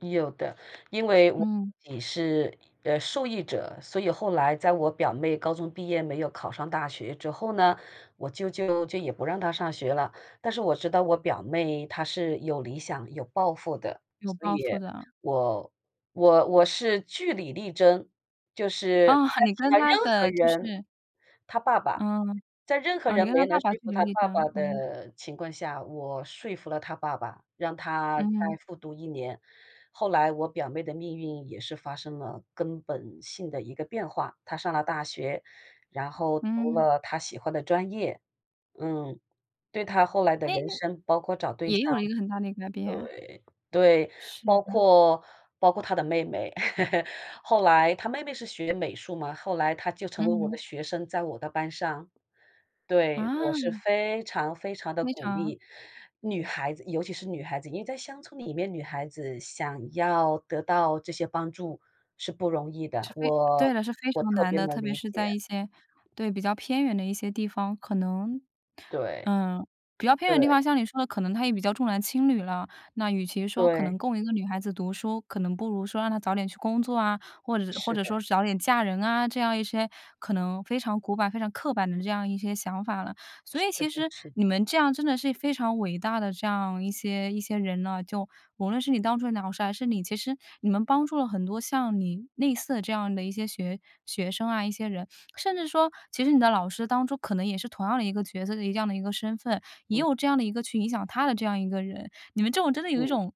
有的，因为我嗯。自己是，呃，受益者，所以后来在我表妹高中毕业没有考上大学之后呢，我舅舅就也不让她上学了。但是我知道我表妹她是有理想、有抱负的，有所抱以负的。我我我是据理力争，就是啊，在你其跟他任她何的就人是她爸爸嗯，在任何啊，你人跟她没爸能说爸据服理她力爸爸争，嗯。的情况下，我说服了她爸爸，让她嗯再哼。复读1年。后来我表妹的命运也是发生了根本性的一个变化，她上了大学，然后读嗯。了她喜欢的专业，嗯，对她后来的哎，人那生包括找对也象有了一个很大的改变，对，对，是包的。括包括她的妹妹，后来她妹妹是学美术嘛，后来她就成了嗯我的哼。学生，在我的班上。对，我是啊。非常非常地非鼓常。励女孩子，尤其是女孩子，因为在乡村里面，女孩子想要得到这些帮助是不容易的，是非对我了，是非我常特难别的，能特别理是在解。一些对，比较偏远的一些地方可能对，嗯，比较偏远的地对。方像你说的，可能他也比较重男轻女了。那与其说可对。能供一个女孩子读书，可能不如说让她早点去工作啊，或者或是者的。说早点嫁人啊，这样一些可能非常古板、非常刻板的这样一些想法了。所是以其的实是的。你们这样真的是非常伟大的这样一些一些人呢，就无论是你当初的老师还是你，其实你们帮助了很多像你类似的这样的一些学学生啊，一些人。甚至说，其实你的老师当初可能也是同样的一个角色，一样的一个身份，也嗯。有这样的一个去影响她的这样的一个人，你们这种真的有一嗯。种，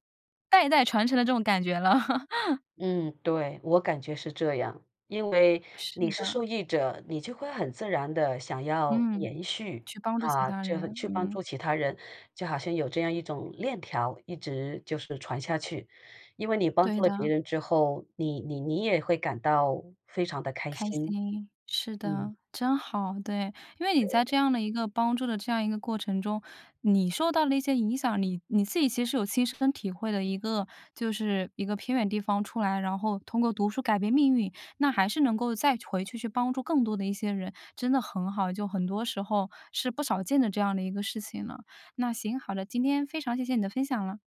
代代传承的这种感觉了。嗯，对，我感觉是这样，因为是你是受的。益者，你就会很自然地想要嗯，延续，去帮助其啊，他这人，去帮嗯。助其他人，就好像有这样一种链条，一直就是传下去。因为你帮对助了别的。人之后，你你你也会感到非常地开开心。心，是嗯。的，真好，对。因为你在这对。样的一个帮助的这样一个过程中，你受到了一些影响，你你自己其实有亲身体会的一个就是一个偏远地方出来，然后通过读书改变命运，那还是能够再回去，去帮助更多的一些人，真的很好，就很多时候是不少见的这样的一个事情了。那行，好了，今天非常谢谢你的分享了。